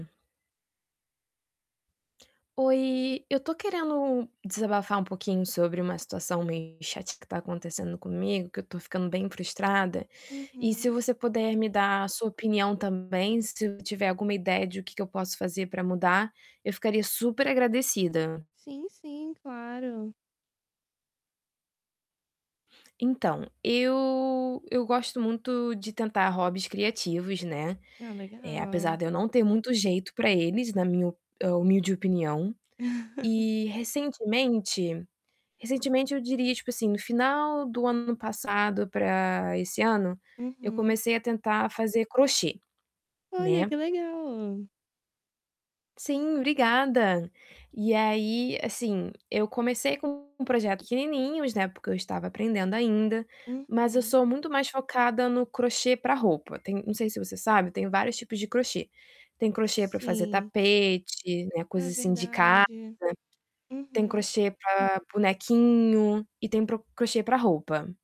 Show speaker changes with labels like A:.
A: Oi, eu tô querendo desabafar um pouquinho sobre uma situação meio chata que tá acontecendo comigo, que eu tô ficando bem frustrada. E se
B: Uhum.
A: você puder me dar a sua opinião também, se tiver alguma ideia de o que que eu posso fazer pra mudar, eu ficaria super agradecida.
B: Sim, sim, claro.
A: Então, eu eu gosto muito de tentar hobbies criativos, né.
B: Ah,
A: Eh, apesar
B: legal.
A: de eu não ter muito jeito pra eles, na minha o hu eh, humilde opinião. E recentemente recentemente eu diria, tipo assim, no final do ano passado pra esse ano, eu
B: Uhum.
A: comecei a tentar fazer crochê,
B: Olha,
A: né.
B: que legal!
A: Sim, obrigada. E aí, assim, eu comecei com projetos pequenininhos, né, porque eu estava aprendendo ainda, mas eu
B: Uhum.
A: sou muito mais focada no crochê pra roupa. Tem não sei se você sabe, tem vários tipos de crochê. Tem crochê pra fazer
B: Sim.
A: tapete, né,
B: Ah,
A: coisa assim de casa,
B: verdade.
A: tem
B: Uhum.
A: crochê pra bonequinho e tem para o crochê pra roupa.